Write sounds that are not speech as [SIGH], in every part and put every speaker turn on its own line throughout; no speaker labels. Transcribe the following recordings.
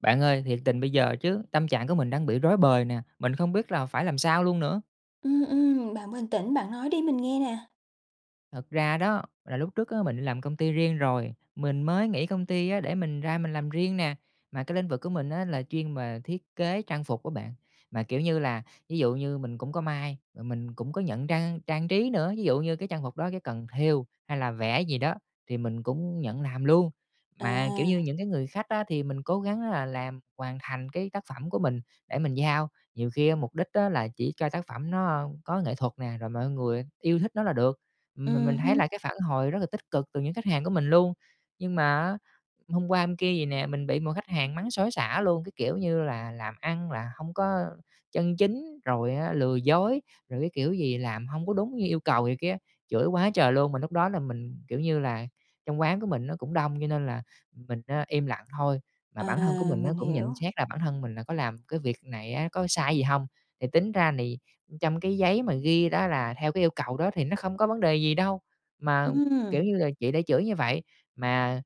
Bạn ơi, thiệt tình bây giờ chứ tâm trạng của mình đang bị rối bời nè, mình không biết là phải làm sao luôn nữa.
Ừm, ừm, bạn bình tĩnh, bạn nói đi, mình nghe nè.
Thật ra đó, là lúc trước á, mình đi làm công ty riêng rồi, mình mới nghỉ công ty á, để mình ra mình làm riêng nè, mà cái lĩnh vực của mình á, là chuyên về thiết kế trang phục á bạn. Mà, kiểu như là, ví dụ như mình cũng có may, ờ, mình cũng có nhận trang trang trí nữa, ví dụ như cái trang phục đó, cái cần thêu hay là vẽ gì đó, thì mình cũng nhận làm luôn. Mà, kiểu như,
À.
những cái người khách á, thì mình cố gắng là làm hoàn thành cái tác phẩm của mình, để mình giao, nhiều khi á, mục đích á, là chỉ cho tác phẩm nó, a, có nghệ thuật nè, rồi mọi người yêu thích nó là được, mà mình
Ừm
thấy
hứm.
là cái phản hồi rất là tích cực từ những khách hàng của mình luôn. Nhưng mà á, hôm qua, hôm kia gì nè, mình bị một khách hàng mắng xối xả luôn, cái kiểu như là "làm ăn là hông có chân chính", rồi á, "lừa dối", rồi cái kiểu gì, "làm hông có đúng như yêu cầu" này kia, chửi quá trời luôn. Mà lúc đó là mình, kiểu như là, trong quán của mình nó cũng đông, cho nên là mình, a, im lặng thôi, mà
À,
bản thân của mình á,
mình
cũng nhận
hiểu.
xét là bản thân mình là có làm cái việc này á, có sai gì hông? Thì tính ra nì trong cái giấy mà ghi đó, là theo cái yêu cầu đó, thì nó không có vấn đề gì đâu, mà, kiểu
Ừm.
như là, chị đã chửi như vậy, mà,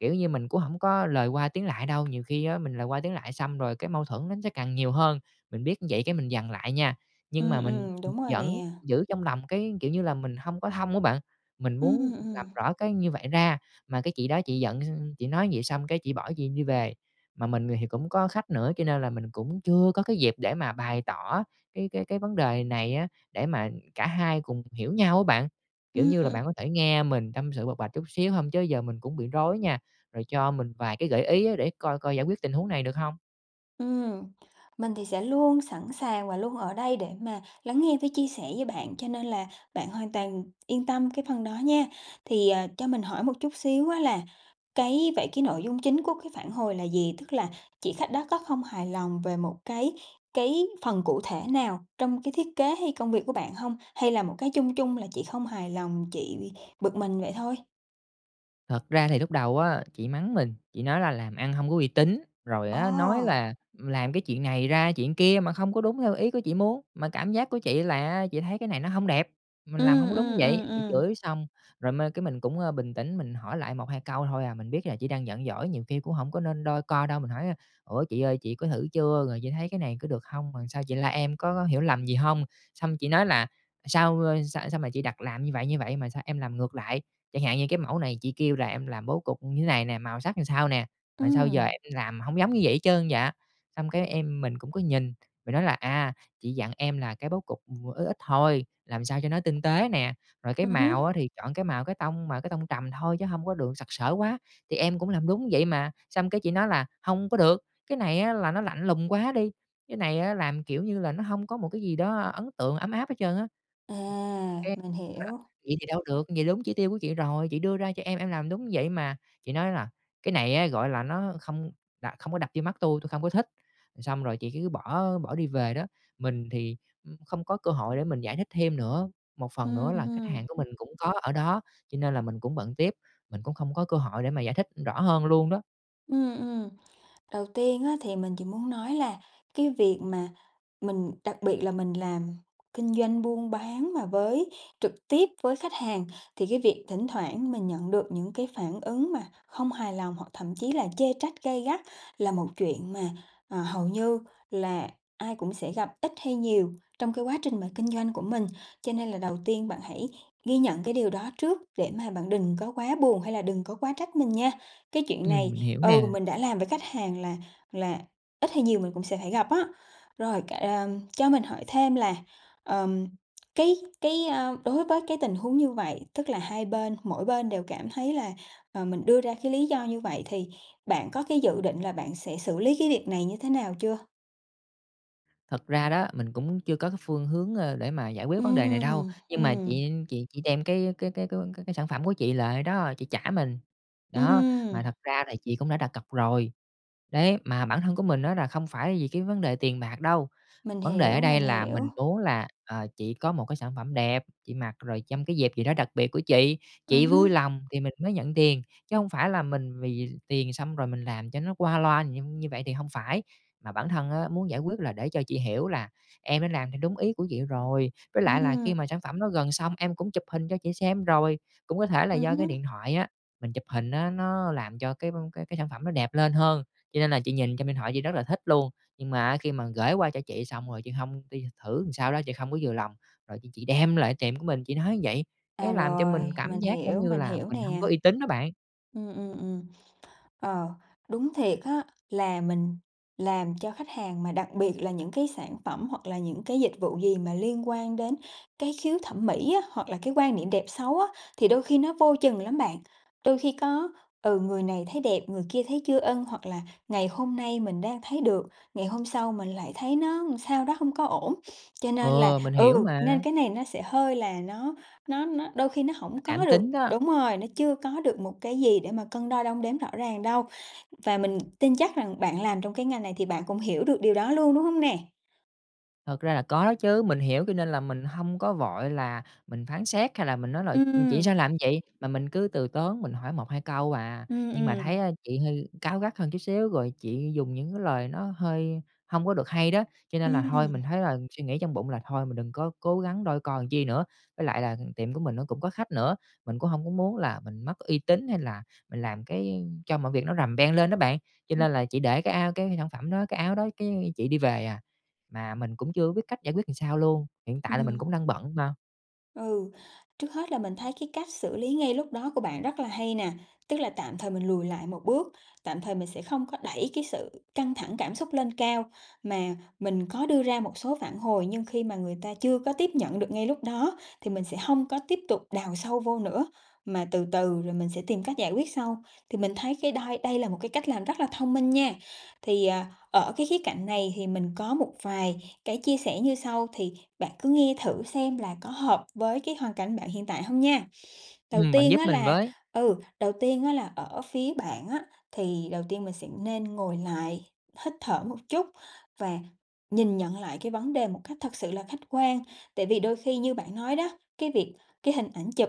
kiểu như, mình cũng hổng có lời qua tiếng lại đâu, nhiều khi á, mình lời qua tiếng lại, xong rồi cái mâu thuẫn nó sẽ càng nhiều hơn. Mình biết vậy, cái mình dằn lại nha, nhưng
Ừm,
mà mình,
ừm,
ừm,
đúng rồi
vẫn
nè.
giữ trong lòng, cái kiểu như là, mình không có thông á bạn, mình
Ừm,
muốn
ừm,
làm
ừm.
rõ cái như vậy ra, mà cái chị đó chị giận, [UNINTELLIGIBLE] chị nói vậy, xong cái chị bỏ, chị đi về. Mà mình thì cũng có khách nữa, cho nên là mình cũng chưa có cái dịp để mà bày tỏ cái cái cái vấn đề này á, để mà cả hai cùng hiểu nhau á bạn, kiểu
Ừm,
như là,
ừm.
bạn có thể nghe mình tâm sự, bộc bạch chút xíu hông? Chứ giờ mình cũng bị rối nha, rồi cho mình vài cái gợi ý á, để coi coi giải quyết tình huống này được hông?
Ừm, mình thì sẽ luôn sẵn sàng và luôn ở đây để mà lắng nghe với chia sẻ với bạn, cho nên là bạn hoàn toàn yên tâm cái phần đó nha. Thì, ờ, cho mình hỏi một chút xíu á, là cái vậy cái nội dung chính của cái phản hồi là gì? Tức là chị khách đó có không hài lòng về một cái cái phần cụ thể nào trong cái thiết kế hay công việc của bạn hông? Hay là một cái chung chung là chị không hài lòng, chị bực mình vậy thôi?
Thật ra thì lúc đầu á chị mắng mình, chị nói là "Làm ăn hông có uy tín", rồi á, nói
Ồ!
là, ừm, làm cái chuyện này ra chuyện kia mà không có đúng theo ý của chị muốn, mà cảm giác của chị là á, chị thấy cái này nó hông đẹp, mình làm
Ừm,
hông có đúng
ừm,
vậy.
ừm,
Chị
ừm.
chửi xong rồi mơ cái mình cũng, a, bình tĩnh mình hỏi lại 1, 2 câu thôi à, mình biết là chỉ đang giận dỗi nhiều khi cũng hổng có nên đôi co đâu, mình hỏi: "Ủa chị ơi, chị có thử chưa rồi chị thấy cái này có được hông, mà sao chị la em, có có hiểu lầm gì hông?" Xong chị nói là "Sao, a, sao sao mà chị đặt làm như vậy, như vậy, mà sao em làm ngược lại. Chẳng hạn như cái mẫu này chị kêu là em làm bố cục như thế này nè, màu sắc làm sao nè, mà sao giờ
Ừm.
em làm hông giống như vậy hết trơn vậy?" Xong cái em mình cũng có nhìn, mình nói là "À, chị dặn em là cái bố cục, ừm, ít ít thôi, làm sao cho nó tinh tế nè. Rồi cái
Ừm
màu
hứm.
á thì chọn cái màu cái tông mà cái tông trầm thôi chứ hông có được sặc sỡ quá, thì em cũng làm đúng vậy mà." Xong cái chị nói là "Hông có được, cái này á, là nó lạnh lùng quá đi, cái này á làm, kiểu như là, nó hông có một cái gì đó ấn tượng ấm áp hết trơn á." Cái
À,
nói
mình
là
hiểu.
"Vậy thì đâu được, vậy đúng chỉ tiêu của chị rồi, chị đưa ra cho em, em làm đúng như vậy mà." Chị nói là "Cái này á, gọi là, nó không đà không có đập vô mắt tui, tui không có thích." Ừm, xong rồi chị cứ bỏ bỏ đi về đó, mình thì, ừm, không có cơ hội để mình giải thích thêm nữa, một phần
Ừm,
nữa là khách hàng
hừm.
của mình cũng có ở đó, cho nên là mình cũng bận tiếp, mình cũng không có cơ hội để mà giải thích rõ hơn luôn đó.
Ừm, ừm. Đầu tiên á, thì mình chỉ muốn nói là cái việc mà mình đặc biệt là mình làm kinh doanh buôn bán mà với trực tiếp với khách hàng, thì cái việc thỉnh thoảng mình nhận được những cái phản ứng mà không hài lòng hoặc thậm chí là chê trách gay gắt là một chuyện mà, ờ, hầu như là ai cũng sẽ gặp ít hay nhiều trong cái quá trình mà kinh doanh của mình. Cho nên là đầu tiên bạn hãy ghi nhận cái điều đó trước, để mà bạn đừng có quá buồn hay là đừng có quá trách mình nha. Cái chuyện
Ừm,
này,
mình hiểu
ừ,
nè.
mình đã làm với khách hàng là là ít hay nhiều mình cũng sẽ phải gặp á. Rồi, c ờm, cho mình hỏi thêm là, ờm, cái cái, ơ, đối với cái tình huống như vậy, tức là hai bên mỗi bên đều cảm thấy là, ờ, mình đưa ra cái lý do như vậy, thì bạn có cái dự định là bạn sẽ xử lý cái việc này như thế nào chưa?
Thật ra đó, mình cũng chưa có cái phương hướng, ơ, để mà giải quyết vấn đề này đâu,
Ừm.
nhưng mà
Ừm.
chị chị chị đem cái cái cái cái cái sản phẩm của chị lại đó, chị trả mình. Đó,
Ừm.
mà thật ra là chị cũng đã đặt cọc rồi, đấy, mà bản thân của mình á là không phải vì cái vấn đề tiền bạc đâu.
Mình
Vấn đề ở
hiểu,
đây
mình
là
hiểu.
mình muốn là, ờ, chị có một cái sản phẩm đẹp, chị mặc rồi trong cái dịp gì đó đặc biệt của chị,
Ừm
chị vui
hứm.
lòng thì mình mới nhận tiền. Chứ hông phải là mình vì tiền xong rồi mình làm cho nó qua loa như như vậy thì hông phải. Mà bản thân á, muốn giải quyết là để cho chị hiểu là "Em đã làm theo đúng ý của chị rồi, với lại là khi
Ừm.
mà sản phẩm đó gần xong em cũng chụp hình cho chị xem rồi." Cũng có thể là
Ừm
do cái
hứm.
điện thoại á, mình chụp hình á, nó làm cho cái v cái sản phẩm nó đẹp lên hơn, cho nên là chị nhìn trong điện thoại chị rất là thích luôn. Nhưng mà á khi mà gởi qua cho chị xong rồi, chị hông đi thử làm sao đó chị không có vừa lòng, rồi chị chị đem lại tiệm của mình, chị nói như vậy,
À,
cái làm cho mình
rồi,
cảm
mình
giác giống
hiểu,
như
mình
là
hiểu
mình hông
nè.
có uy tín đó bạn.
Ừm, ừm, ừm. Ờ, đúng thiệt á là mình làm cho khách hàng, mà đặc biệt là những cái sản phẩm hoặc là những cái dịch vụ gì mà liên quan đến cái khiếu thẩm mỹ á, hoặc là cái quan niệm đẹp xấu á, thì đôi khi nó vô chừng lắm bạn. Đôi khi có, ừ, người này thấy đẹp, người kia thấy chưa ưng, hoặc là ngày hôm nay mình đang thấy được, ngày hôm sau mình lại thấy nó làm sao đó, không có ổn. Cho nên là
Ừ, mình hiểu
ừ, nên
mà.
cái này nó sẽ hơi là nó nó nó đôi khi nó hổng
Cảm
có được
tính đó.
đúng rồi. Nó chưa có được một cái gì để mà cân đo đong đếm rõ ràng đâu, và mình tin chắc rằng bạn làm trong cái ngành này thì bạn cũng hiểu được điều đó luôn, đúng hông nè?
Thật ra là có đó chứ. Mình hiểu cho nên là mình hông có vội là mình phán xét hay là mình nói là "Ừm, chị
Ừm.
sao làm như vậy?", mà mình cứ từ tốn mình hỏi 1-2 câu à.
Ừm,
Nhưng mà thấy,
ừm.
a, chị hơi cáu gắt hơn chút xíu rồi chị dùng những cái lời nó hơi hông có được hay đó. Cho nên là thôi,
Ừm.
mình thấy là, suy nghĩ trong bụng là "Thôi mình đừng có cố gắng đôi co làm chi nữa." Với lại là tiệm của mình nó cũng có khách nữa, mình cũng hông có muốn là mình mất uy tín hay là mình làm cái cho mọi việc nó rầm beng lên đó bạn. Cho
Ừm.
nên là chị để cái ao cái sản phẩm đó, cái áo đó, cái chị đi về à. Mà mình cũng chưa có biết cách giải quyết làm sao luôn, hiện tại là mình cũng
Ừm.
đang bận mà.
Ừ, trước hết là mình thấy cái cách xử lý ngay lúc đó của bạn rất là hay nè. Tức là tạm thời mình lùi lại một bước, tạm thời mình sẽ không có đẩy cái sự căng thẳng cảm xúc lên cao. Mà mình có đưa ra một số phản hồi, nhưng khi mà người ta chưa có tiếp nhận được ngay lúc đó thì mình sẽ hông có tiếp tục đào sâu vô nữa, mà từ từ rồi mình sẽ tìm cách giải quyết sau. Thì mình thấy cái đây đây là một cái cách làm rất là thông minh nha. Thì, à, ở cái khía cạnh này thì mình có một vài cái chia sẻ như sau, thì bạn cứ nghe thử xem là có hợp với cái hoàn cảnh bạn hiện tại hông nha. Đầu
Ừm, bạn
tiên
giúp
á
mình
là
với!
ừ, đầu tiên á là ở phía bạn á, thì đầu tiên mình sẽ nên ngồi lại, hít thở một chút và nhìn nhận lại cái vấn đề một cách thật sự là khách quan. Tại vì đôi khi như bạn nói đó, cái việc cái hình ảnh chụp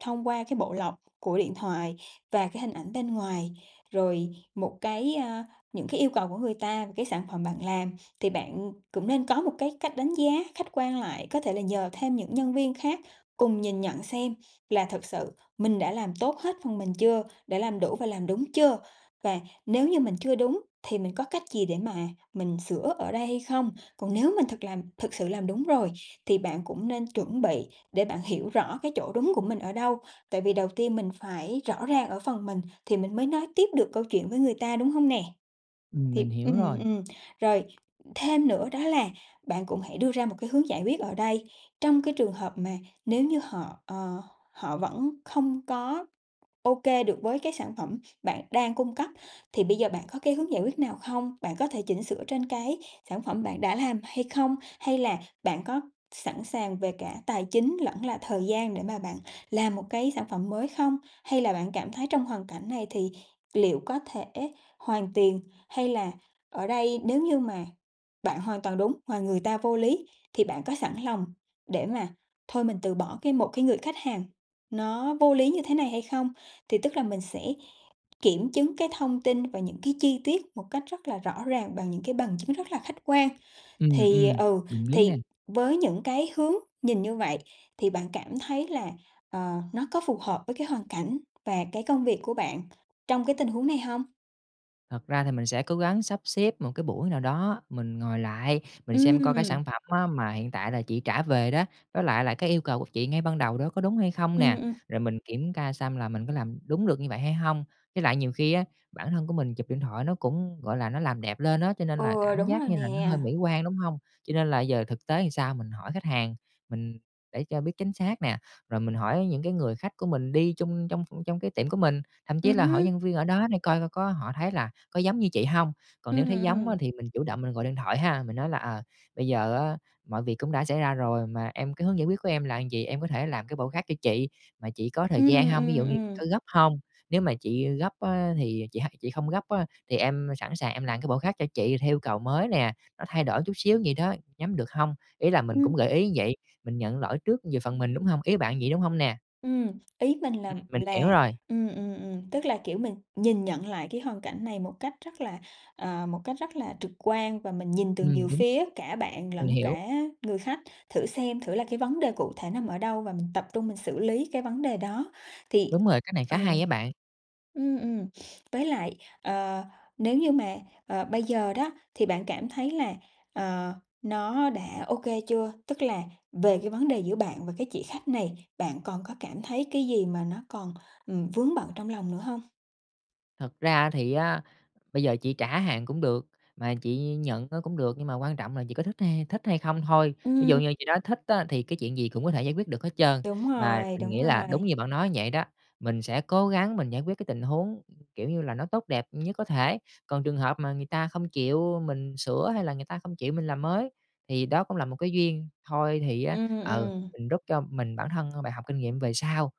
thông qua cái bộ lọc của điện thoại và cái hình ảnh bên ngoài, rồi một cái, a những cái yêu cầu của người ta về cái sản phẩm bạn làm, thì bạn cũng nên có một cái cách đánh giá khách quan lại. Có thể là nhờ thêm những nhân viên khác cùng nhìn nhận xem là thực sự mình đã làm tốt hết phần mình chưa, đã làm đủ và làm đúng chưa? Và nếu như mình chưa đúng thì mình có cách gì để mà mình sửa ở đây hay không? Còn nếu mình thực làm thực sự làm đúng rồi thì bạn cũng nên chuẩn bị để bạn hiểu rõ cái chỗ đúng của mình ở đâu. Tại vì đầu tiên mình phải rõ ràng ở phần mình thì mình mới nói tiếp được câu chuyện với người ta, đúng hông nè?
Ừm,
Thì
mình hiểu
ừm,
rồi.
ừm, rồi thêm nữa đó là bạn cũng hãy đưa ra một cái hướng giải quyết ở đây. Trong cái trường hợp mà nếu như họ, ờ, họ vẫn không có OK được với cái sản phẩm bạn đang cung cấp, thì bây giờ bạn có cái hướng giải quyết nào không? Bạn có thể chỉnh sửa trên cái sản phẩm bạn đã làm hay không, hay là bạn có sẵn sàng về cả tài chính lẫn là thời gian để mà bạn làm một cái sản phẩm mới không? Hay là bạn cảm thấy trong hoàn cảnh này thì liệu có thể hoàn tiền, hay là ở đây nếu như mà bạn hoàn toàn đúng mà người ta vô lý thì bạn có sẵn lòng để mà thôi mình từ bỏ cái một cái người khách hàng nó vô lý như thế này hay không? Thì tức là mình sẽ kiểm chứng cái thông tin và những cái chi tiết một cách rất là rõ ràng bằng những cái bằng chứng rất là khách quan.
Ừm,
Thì
ừm,
ừ,
mình biết nè.
thì với những cái hướng nhìn như vậy thì bạn cảm thấy là, ờ, nó có phù hợp với cái hoàn cảnh và cái công việc của bạn trong cái tình huống này hông?
Thật ra thì mình sẽ cố gắng sắp xếp một cái buổi nào đó mình ngồi lại, mình xem coi cái
Ừm.
sản phẩm á mà hiện tại là chị trả về đó, với lại là cái yêu cầu của chị ngay ban đầu đó có đúng hay không
Ừm,
nè.
ừm.
Rồi mình kiểm ca xăm là mình có làm đúng được như vậy hay hông. Với lại nhiều khi á, bản thân của mình chụp điện thoại nó cũng, gọi là, nó làm đẹp lên á, cho nên là
Ừ,
cảm
đúng
giác
rồi
như là nó
nè.
hơi mỹ quan, đúng hông? Cho nên là giờ thực tế làm sao mình hỏi khách hàng mình để cho biết chính xác nè, rồi mình hỏi những cái người khách của mình đi chung trong trong cái tiệm của mình, thậm chí
Ừm
là hỏi
hưm.
nhân viên ở đó để coi coi có họ thấy là có giống như chị hông. Còn
Ừm,
nếu thấy giống
ừm.
á thì mình chủ động mình gọi điện thoại ha, mình nói là "Ờ, bây giờ á, mọi việc cũng đã xảy ra rồi mà em cái hướng giải quyết của em là vậy, em có thể làm cái bộ khác cho chị mà chị có thời gian
Ừm,
hông? Ví
ừm,
dụ như chị
ừm.
có gấp hông? Nếu mà chị, ơ, gấp á thì chị h chị không gấp á thì em sẵn sàng em làm cái bộ khác cho chị theo yêu cầu mới nè, nó thay đổi chút xíu vậy đó, nhắm được hông?" Ý là mình
Ừm.
cũng gợi ý như vậy, mình nhận lỗi trước về phần mình, đúng hông? Ý bạn vậy, đúng hông nè?
Ừm, ý mình lầm
Ừm, mình hiểu
là
rồi.
ừm, ừm, ừm, tức là, kiểu, mình nhìn nhận lại cái hoàn cảnh này một cách rất là, ờ, một cách rất là trực quan, và mình nhìn từ
Ừm,
nhiều
đúng.
phía cả bạn
Mình
lẫn
hiểu.
cả người khách. Thử xem thử là cái vấn đề cụ thể nằm ở đâu và mình tập trung mình xử lý cái vấn đề đó thì
Đúng rồi, cách này khá
ừ.
hay á bạn.
Ừm, ừm, với lại, ờ, nếu như mà, ờ, bây giờ đó thì bạn cảm thấy là, ờ, nó đã OK chưa? Tức là về cái vấn đề giữa bạn và cái chị khách này, bạn còn có cảm thấy cái gì mà nó còn, ừm, vướng bận trong lòng nữa hông?
Thật ra thì á, bây giờ chị trả hàng cũng được mà chị nhận á cũng được, nhưng mà quan trọng là chị có thích hay thích hay không thôi. Ví dụ
Ừm.
như chị nói thích á, thì cái chuyện gì cũng có thể giải quyết được hết trơn.
Đúng
Mà
rồi,
mình
đúng
nghĩ là
rồi.
đúng như bạn nói vậy đó, mình sẽ cố gắng mình giải quyết cái tình huống, kiểu như là, nó tốt đẹp nhất có thể. Còn trường hợp mà người ta không chịu mình sửa hay là người ta không chịu mình làm mới, thì đó cũng là một cái duyên thôi, thì á,
Ừm,
ừ,
ừm.
mình rút cho mình bản thân bài học kinh nghiệm về sau.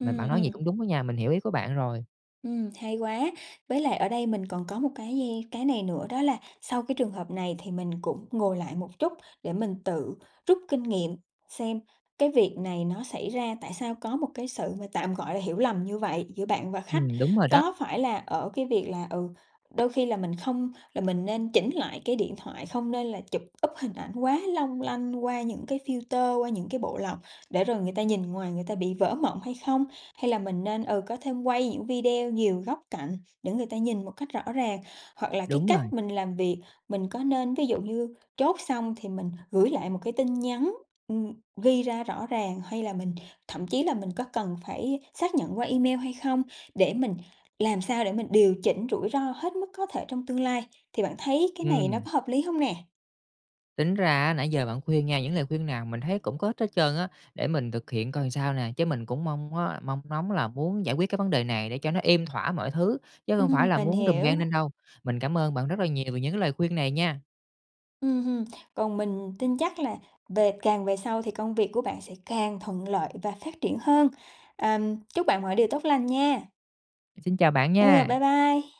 Mà bạn nói gì cũng
ừm.
đúng á nha, mình hiểu ý của bạn rồi.
Ừm, hay quá. Với lại ở đây mình còn có một dây cái này nữa, đó là sau cái trường hợp này thì mình cũng ngồi lại một chút để mình tự rút kinh nghiệm xem cái việc này nó xảy ra, tại sao có một cái sự mà tạm gọi hiểu lầm như vậy giữa bạn và khách.
Ừm, đúng rồi đó.
Có phải là ở cái việc là, ừ, đôi khi là mình không là mình nên chỉnh lại cái điện thoại, không nên là chụp up hình ảnh quá long lanh qua những cái filter, qua những cái bộ lọc để rồi người ta nhìn ngoài người ta bị vỡ mộng hay không? Hay là mình nên, ừ, có thêm quay những video nhiều góc cạnh để người ta nhìn một cách rõ ràng. Hoặc là cái
Đúng rồi.
cách mình làm việc mình có nên, ví dụ như, chốt xong thì mình gửi lại một cái tin nhắn, ừm, ghi ra rõ ràng, hay là mình thậm chí là mình có cần phải xác nhận qua email hay không, để mình làm sao để mình điều chỉnh rủi ro hết mức có thể trong tương lai. Thì bạn thấy cái này nó
Ừm.
có hợp lý hông nè?
Tính ra á, nãy giờ bạn khuyên nha, những lời khuyên nào mình thấy cũng có ích hết trơn á. Để mình thực hiện coi sao nè, chứ mình cũng mong á, mong ngóng là muốn giải quyết cái vấn đề này để cho nó êm thỏa mọi thứ, chứ hông phải
Ừm,
là
mình
muốn rùm
hiểu.
beng lên đâu. Mình cảm ơn bạn rất là nhiều về những cái lời khuyên này nha.
Ừm, ừm, còn mình tin chắc là về càng về sau thì công việc của bạn sẽ càng thuận lợi và phát triển hơn. Ờ, chúc bạn mọi điều tốt lành nha.
Xin chào bạn
Ừ, bye
nha!
bye.